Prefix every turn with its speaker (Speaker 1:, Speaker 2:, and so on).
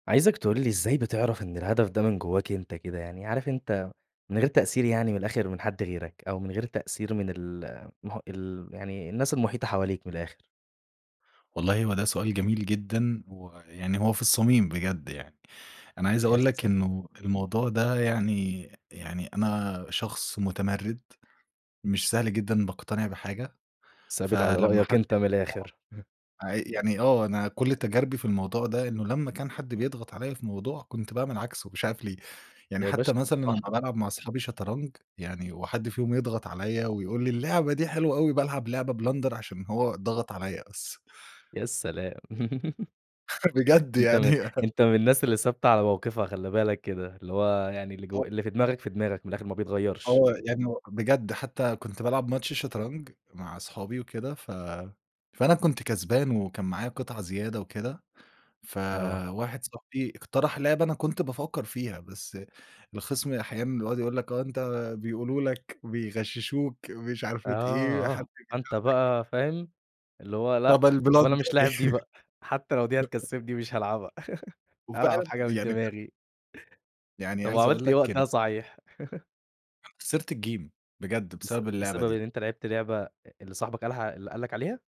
Speaker 1: عايزك تقول ي إزاي بتعرف إن الهدف ده من جواك أنت كده؟ يعني عارف انت من غير تأثير يعني من الآخر من حد غيرك، أو من غير تأثير من المح ال يعني الناس المحيطة حواليك من الآخر؟
Speaker 2: والله هو ده سؤال جميل جدًا ويعني هو في الصميم بجد يعني، أنا عايز
Speaker 1: يا
Speaker 2: أقول لك
Speaker 1: سلام.
Speaker 2: إنه الموضوع ده يعني يعني أنا شخص متمرّد مش سهل جدًا باقتنع بحاجة،
Speaker 1: ثابت على
Speaker 2: فلمّا
Speaker 1: رأيك
Speaker 2: حد
Speaker 1: أنت من الآخر، إمم.
Speaker 2: آه، عي يعني آه أنا كلّ تجاربي في الموضوع ده إنه لمّا كان حد بيضغط عليَّ في موضوع كنت باعمل عكسه مش عارف ليه، يعني
Speaker 1: يا باشا
Speaker 2: حتى مثلًا
Speaker 1: صح.
Speaker 2: لمّا بالعب مع اصحابي شطرنج، يعني وحد فيهم يضغط عليَّ ويقول لي: "اللعبة دي حلوة أوي" بالعب لعبة Blender عشان هو ضغط عليَّ بس.
Speaker 1: يا سلام!
Speaker 2: بجد
Speaker 1: أنت
Speaker 2: يعني.
Speaker 1: م أنت من الناس اللي ثابتة على موقفها خلّي بالك كده، اللي هو يعني اللي جو
Speaker 2: آه.
Speaker 1: اللي في دماغك في دماغك، من الآخر ما بيتغيّرش.
Speaker 2: آه، يعني هو بجد حتّى كنت بالعب ماتش شطرنج، مع صحابي وكده ف فأنا كنت كسبان وكان معايا قطع زيادة وكده،
Speaker 1: آه.
Speaker 2: فواحد صاحبي اقترح لعبة أنا كنت بافكّر فيها، بس الخِصم أحيانًا بيقعد يقول لك آه أنت بيقولوا لك، بيغششوك، مش عارفة إيه،
Speaker 1: آه،
Speaker 2: حد
Speaker 1: فأنت
Speaker 2: بيساعدك.
Speaker 1: بقى فاهم، اللي هو
Speaker 2: طب
Speaker 1: لأ طب أنا
Speaker 2: الBlender.
Speaker 1: مش لاعب دي بقى، حتّى لو دي هتكسّبني مش هالعبها،
Speaker 2: وفعلًا
Speaker 1: هالعب حاجة من
Speaker 2: يعني ف
Speaker 1: دماغي.
Speaker 2: يعني
Speaker 1: طب
Speaker 2: عايز أقول
Speaker 1: وعملت إيه
Speaker 2: لك إن
Speaker 1: وقتها صحيح؟
Speaker 2: أنا خسرت الgame، بجد
Speaker 1: بس
Speaker 2: بسبب اللعبة
Speaker 1: بسبب إن
Speaker 2: دي.
Speaker 1: أنت لعبت لعبة أ اللي صاحبك قالها اللي قال لك عليها؟